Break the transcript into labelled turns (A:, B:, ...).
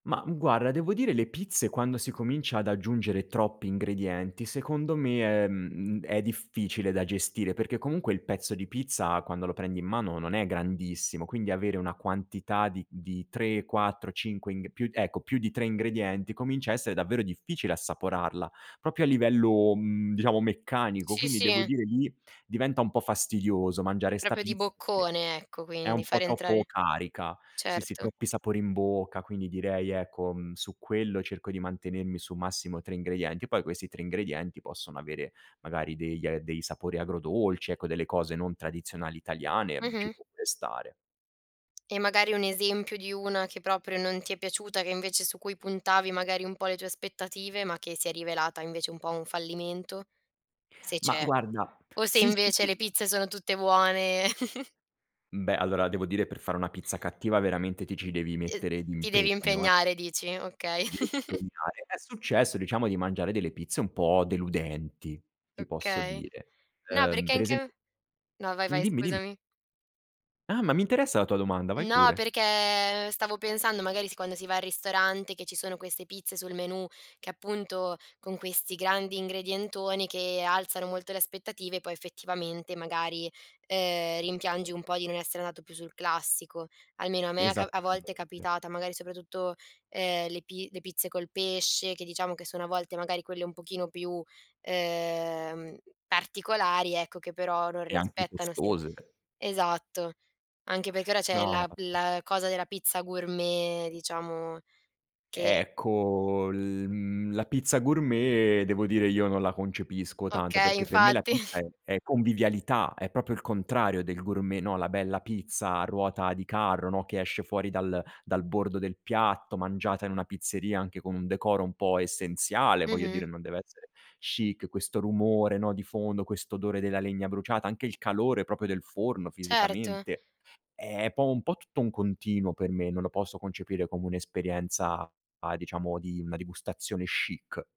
A: Mah guarda, devo dire, le pizze, quando si comincia ad aggiungere troppi ingredienti, secondo me è mhmm, è difficile da gestire perché, comunque, il pezzo di pizza, quando lo prendi in mano, non è grandissimo, quindi avere una quantità di di 3, 4, 5 ing più ecco, più di 3 ingredienti comincia a essere davvero difficile assaporarla, proprio a livello, mhmm, diciamo, meccanico.
B: Sì,
A: Quindi, devo
B: sì.
A: dire, lì diventa un po' fastidioso mangiare 'sta
B: Proprio di
A: pizza perché
B: boccone, ecco,
A: è
B: quindi,
A: un po'
B: fare
A: troppo
B: entrare
A: carica. Sì, sì,
B: certo.
A: troppi sapori in bocca, quindi direi, ecco, mhmm, su quello cerco di mantenermi su massimo 3 ingredienti. Poi, questi 3 ingredienti possono avere, magari, degli dei sapori agrodolci, ecco, delle cose non tradizionali italiane, mhmm, ci
B: Mh-mh.
A: può pure stare.
B: E, magari, un esempio di una che proprio non ti è piaciuta, che, invece su cui puntavi, magari, un po' le tue aspettative, ma che si è rivelata, invece, un po' un fallimento? Se
A: Mah,
B: c'è.
A: guarda
B: O se
A: sì, sì.
B: invece le pizze sono tutte buone?
A: Beh, allora, devo dire, per fare una pizza cattiva, veramente, ti ci devi
B: E
A: mettere
B: ti devi
A: d'impegno, eh.
B: impegnare dici, okay.
A: Ti devi impegnare. È successo, diciamo, di mangiare delle pizze un po' deludenti, ti posso
B: Okay.
A: dire.
B: No,
A: Ehm,
B: perché
A: per
B: anche a
A: esempio
B: no, vai,
A: mh,
B: vai,
A: dimmi, dimmi.
B: scusami.
A: Ah! Ma mi interessa la tua domanda, vai
B: No,
A: pure.
B: perché, stavo pensando, magari, si quando si va al ristorante, che ci sono queste pizze sul menù che, appunto con questi grandi ingredientoni, che alzano molto le aspettative, poi, effettivamente, magari, ehm, rimpiangi un po' di non essere andato più sul classico. Almeno a me è ca a
A: Esattamente.
B: volte è capitata, magari, soprattutto, ehm, le pi le pizze col pesce che, diciamo, che sono a volte, magari, quelle un pochino più, ehm, particolari, ecco, che però non
A: E anche
B: rispettano semp
A: costose.
B: esatto. Anche perché ora c'è
A: No.
B: la p
A: [unintelligible]
B: la cosa della pizza gourmet, diciamo, che
A: Ecco, l mhmm, la pizza gourmet, devo dire, io non la concepisco tanto,
B: Okay,
A: perché per me la
B: infatti.
A: pizza è è convivialità, è proprio il contrario del gourmet, no, la bella pizza a ruota di carro, no, che esce fuori dal dal bordo del piatto, mangiata in una pizzeria, anche con un decoro un po' essenziale, voglio
B: Mh-mh.
A: dire, non deve essere chic, questo rumore, no, di fondo, questo odore della legna bruciata, anche il calore proprio del forno,
B: Certo.
A: fisicamente, è po' un po' tutto un continuo per me, non lo posso concepire come un'esperienza a diciamo, di una degustazione chic.